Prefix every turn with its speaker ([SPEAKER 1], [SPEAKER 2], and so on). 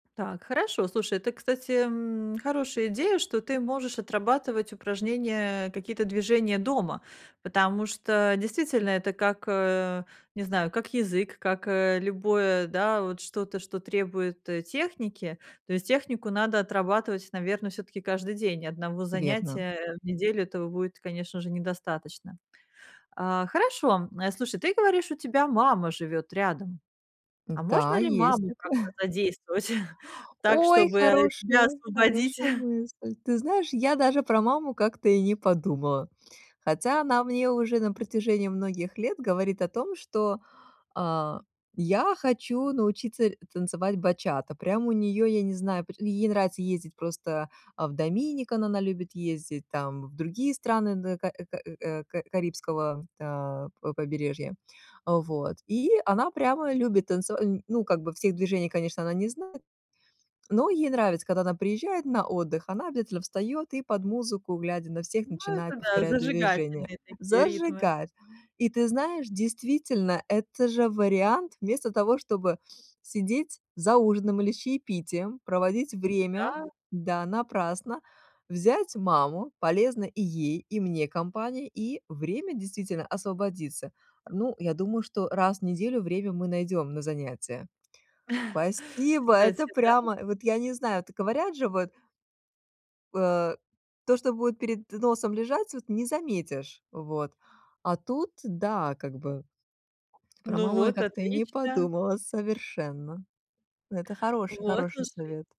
[SPEAKER 1] Так, хорошо, слушай, это, кстати, м, хорошая идея, что ты можешь отрабатывать упражнения, э, какие-то движения дома. Потому что действительно это как, э, не знаю, как язык, как, э, любое, да, вот что-то, что требует, э, техники. То есть технику надо отрабатывать, наверно, все-таки каждый день. И одного
[SPEAKER 2] Верно.
[SPEAKER 1] занятия в неделю этого будет, конечно же, недостаточно. А. Хорошо, а. Слушай, ты говоришь, у тебя мама живёт рядом. А
[SPEAKER 2] Да,
[SPEAKER 1] можно ли
[SPEAKER 2] есть
[SPEAKER 1] маму
[SPEAKER 2] такое.
[SPEAKER 1] как-то задействовать так,
[SPEAKER 2] Ой,
[SPEAKER 1] чтобы тебя
[SPEAKER 2] хорошая,
[SPEAKER 1] освободить?
[SPEAKER 2] хорошая мысль! Ты знаешь, я даже про маму как-то и не подумала. Хотя она мне уже на протяжении многих лет говорит о том, что, а: "Я хочу научиться танцевать бачата". Прям у неё, я не знаю, пр и ей нравится ездить просто, э, в Dominican она любит ездить, там в другие страны на ка ка э, ка карибского, э, п побережья. Э. Вот. И она прямо любит танцева ну, как бы всех движений, конечно, она не знает, но ей нравится, когда она приезжает на отдых, она обязательно встаёт и под музыку, глядя на всех,
[SPEAKER 1] Ну, это
[SPEAKER 2] начинает
[SPEAKER 1] да,
[SPEAKER 2] повторять движения.
[SPEAKER 1] зажигательные такие ритмы.
[SPEAKER 2] Зажигает. И ты знаешь, действительно, это же вариант: вместо того, чтобы сидеть за ужином или с чаепитием, проводить
[SPEAKER 1] Ну
[SPEAKER 2] время,
[SPEAKER 1] да.
[SPEAKER 2] да, напрасно, взять маму. Полезно и ей, и мне компания, и время, действительно, освободится. Ну, я думаю, что раз в неделю время мы найдём на занятия. Спасибо!
[SPEAKER 1] Кстати,
[SPEAKER 2] Это
[SPEAKER 1] да.
[SPEAKER 2] прямо вот- я не знаю. Так говорят же вот э, то, что будет перед носом лежать, вот не заметишь. Вот. А тут- да, как бы про
[SPEAKER 1] Ну
[SPEAKER 2] маму я
[SPEAKER 1] вот,
[SPEAKER 2] как-то и не
[SPEAKER 1] отлично.
[SPEAKER 2] подумала совершенно. Это хороший,
[SPEAKER 1] Вот,
[SPEAKER 2] хороший
[SPEAKER 1] слушай
[SPEAKER 2] совет.